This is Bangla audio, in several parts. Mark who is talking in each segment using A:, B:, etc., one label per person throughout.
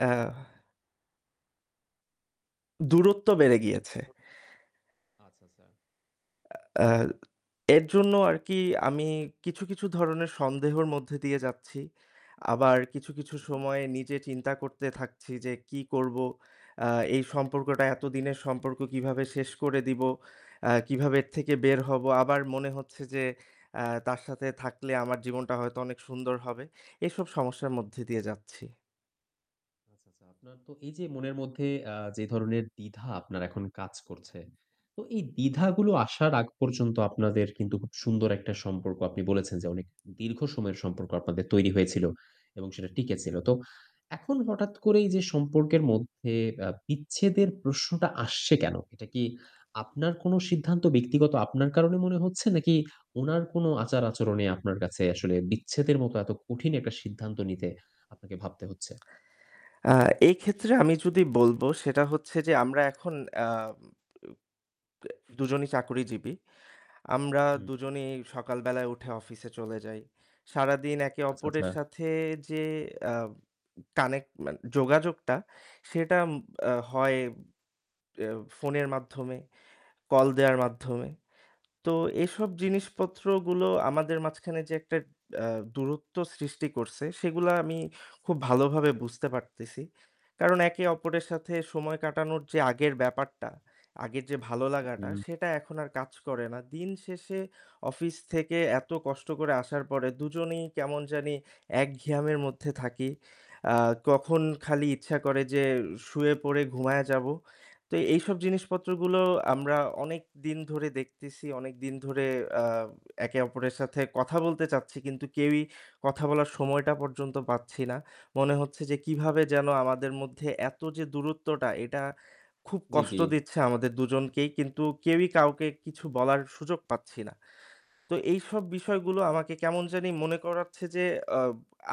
A: অ্যাহ দূরত্ব
B: [unintelligible]
A: বেড়ে গিয়েছে।
B: আচ্ছা, আচ্ছা।
A: অ্যা এর জন্য আরকি আমি কিছু, কিছু ধরনের সন্দেহের মধ্যে দিয়ে যাচ্ছি। আবার কিছু, কিছু সময়ে নিজে চিন্তা করতে থাকছি যে কী করব? অ্যা এই সম্পর্কটা এতদিনের সম্পর্ক কিভাবে শেষ করে দিব? অ্যা কিভাবে এর থেকে বের হব? আবার মনে হচ্ছে যে, অ্যা তার সাথে থাকলে আমার জীবনটা হয়তো অনেক সুন্দর হবে। এসব সমস্যার মধ্যে দিয়ে যাচ্ছি।
B: আচ্ছা, আচ্ছা। আপনার তো এই যে মনের মধ্যে আ যে ধরনের দ্বিধা আপনার এখন কাজ করছে, তো এই দ্বিধাগুলো আসার আগ পর্যন্ত আপনাদের কিন্তু খুব সুন্দর একটা সম্পর্ক, আপনি বলেছেন, যে অনেক দীর্ঘ সময়ের সম্পর্ক আপনাদের তৈরি হয়েছিল এবং সেটা টিকে ছিল। তো এখন হঠাৎ করে এই যে সম্পর্কের মধ্যে অ্যা বিচ্ছেদের প্রশ্নটা আসছে কেনো? এটা কি আপনার কোনো সিদ্ধান্ত ব্যক্তিগত আপনার কারণে মনে হচ্ছে নাকি উনার কোনো আচার-আচরণে আপনার কাছে আসলে বিচ্ছেদের মতো এত কঠিন একটা সিদ্ধান্ত নিতে আপনাকে ভাবতে হচ্ছে?
A: অ্যা এই ক্ষেত্রে আমি যদি বলব সেটা হচ্ছে যে, আমরা এখন অ্যা ব ব্যা ২ জনেই চাকরিজীবী। আমরা
B: হু, হু।
A: দুজনেই সকালবেলায় উঠে অফিসে চলে যাই। সারাদিন একে
B: আচ্ছা, আচ্ছা।
A: অপরের সাথে যে অ্যা কানেক্ট মানে যোগাযোগটা সেটা এম অ্যা হয় অ্যা ফোনের মাধ্যমে, কল দেওয়ার মাধ্যমে। তো এসব
B: জি।
A: জিনিসপত্রগুলো আমাদের মাঝখানে যে একটা অ্যা দূরত্ব সৃষ্টি করছে সেগুলা আমি খুব ভালোভাবে বুঝতে পারতেছি। কারণ একে অপরের সাথে সময় কাটানোর যে আগের ব্যাপারটা, আগের যে ভালো লাগাটা
B: উহু।
A: সেটা এখন আর কাজ করে না। দিনশেষে অফিস থেকে এত কষ্ট করে আসার পরে ২ জনেই কেমন জানি এক ঘিয়ামের মধ্যে থাকি। অ্যা কখন খালি ইচ্ছা করে যে শুয়ে পড়ে ঘুমায়া যাব। তো এইসব জিনিসপত্র গুলো আমরা অনেকদিন ধরে দেখতেছি। অনেকদিন ধরে অ্যা একে অপরের সাথে কথা বলতে চাচ্ছি কিন্তু কেউই কথা বলার সময়টা পর্যন্ত পাচ্ছি না। মনে হচ্ছে যে কিভাবে যেন আমাদের মধ্যে এত যে দূরত্বটা এটা খুব
B: জি, জি।
A: কষ্ট দিচ্ছে আমাদের ২ জনকেই। কিন্তু কেউই কাউকে কিছু বলার সুযোগ পাচ্ছি না। তো এইসব বিষয়গুলো আমাকে কেমন জানি মনে করাচ্ছে যে, অ্যা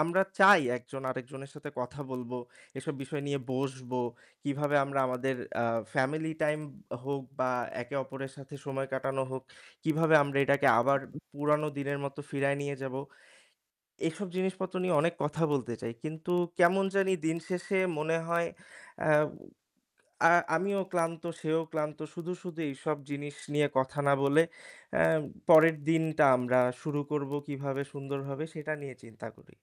A: আমরা চাই একজন আরেকজনের সাথে কথা বলব, এসব বিষয় নিয়ে বসবো। কিভাবে আমরা আমাদের অ্যা ফ্যামিলি টাইম হোক বা একে অপরের সাথে সময় কাটানো হোক, কিভাবে আমরা এটাকে
B: উ
A: আবার
B: উ
A: পুরানো দিনের মত ফিরায়ে নিয়ে যাব, এসব জিনিসপত্র নিয়ে অনেক কথা বলতে চাই। কিন্তু কেমন জানি দিনশেষে মনে হয় অ্যা আ আমিও ক্লান্ত, সেও ক্লান্ত। শুধু, শুধু এইসব জিনিস নিয়ে কথা না বলে অ্যা পরের দিনটা আমরা শুরু করব কিভাবে সুন্দরভাবে সেটা নিয়ে চিন্তা করি।